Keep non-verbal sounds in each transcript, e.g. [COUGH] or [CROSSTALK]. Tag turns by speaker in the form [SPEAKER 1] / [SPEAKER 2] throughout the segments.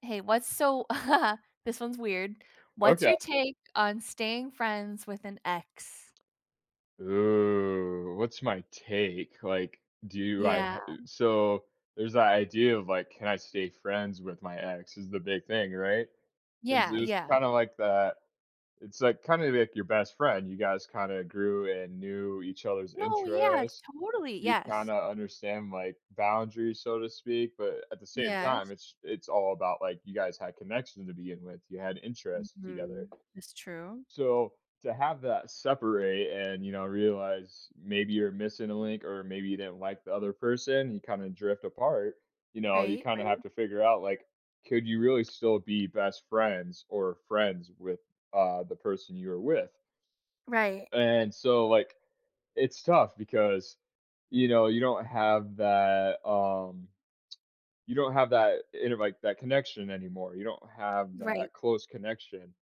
[SPEAKER 1] Hey, what's so [CHUCKLES] this one's weird what's
[SPEAKER 2] Okay.
[SPEAKER 1] your take on staying friends with an ex?
[SPEAKER 2] Ooh, what's my take? Like, do I I
[SPEAKER 1] Yeah.
[SPEAKER 2] so, there's the idea of, like, can I stay friends with my ex is the big thing, right? 'Cause
[SPEAKER 1] Yeah,
[SPEAKER 2] it was
[SPEAKER 1] yeah.
[SPEAKER 2] kinda like that it's, like, kinda like your best friend. You guys kinda grew and knew each other's
[SPEAKER 1] No, yeah,
[SPEAKER 2] interests,
[SPEAKER 1] totally,
[SPEAKER 2] you
[SPEAKER 1] yes.
[SPEAKER 2] kinda understand, like, boundaries, so to speak, but at the same
[SPEAKER 1] Yes.
[SPEAKER 2] time, it's it's all about, like, you guys had connection to begin with, you had interest
[SPEAKER 1] Mhm.
[SPEAKER 2] together.
[SPEAKER 1] That's true.
[SPEAKER 2] So to have that separate and, you know, realize maybe you're missing a link or maybe you didn't like the other person, you kinda drift apart. You know, you
[SPEAKER 1] Right,
[SPEAKER 2] kinda have
[SPEAKER 1] right.
[SPEAKER 2] to figure out, like, could you really still be best friends or friends with, uh, the person you are with?
[SPEAKER 1] Right.
[SPEAKER 2] And so, like, it's tough because, you know, you don't have that, um, you don't have that, you know, like, that connection anymore, you don't have
[SPEAKER 1] Right.
[SPEAKER 2] that close connection.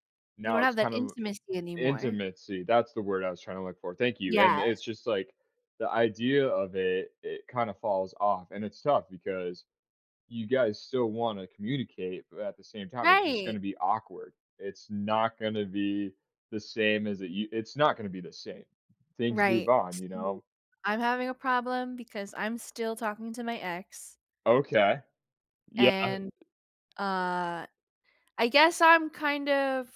[SPEAKER 1] You
[SPEAKER 2] Now,
[SPEAKER 1] don't
[SPEAKER 2] it's
[SPEAKER 1] have that
[SPEAKER 2] kind of
[SPEAKER 1] intimacy anymore.
[SPEAKER 2] Intimacy, that's the word I was trying to look for. Thank you. And
[SPEAKER 1] Yes.
[SPEAKER 2] it's just, like, the idea of it it kinda falls off, and it's tough because you guys still wanna communicate, but at the same time, it's just
[SPEAKER 1] Right.
[SPEAKER 2] gonna be awkward. It's not gonna be the same as it u it's not gonna be the same. Things move
[SPEAKER 1] Right.
[SPEAKER 2] on, you
[SPEAKER 1] See,
[SPEAKER 2] know?
[SPEAKER 1] I'm having a problem because I'm still talking to my ex
[SPEAKER 2] Okay. Yeah.
[SPEAKER 1] and, uh, I guess I'm kind of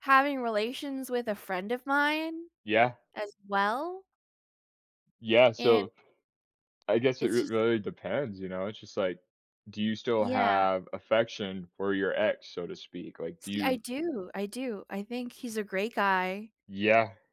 [SPEAKER 1] having relations with a friend of mine
[SPEAKER 2] Yeah.
[SPEAKER 1] as well.
[SPEAKER 2] Yeah,
[SPEAKER 1] and
[SPEAKER 2] so, I guess it r
[SPEAKER 1] it's just
[SPEAKER 2] really depends, you know? It's just like, do you still
[SPEAKER 1] Yeah.
[SPEAKER 2] have affection for your ex, so to speak? Like, do
[SPEAKER 1] See, I
[SPEAKER 2] you
[SPEAKER 1] do, I do. I think he's a great guy
[SPEAKER 2] Yeah.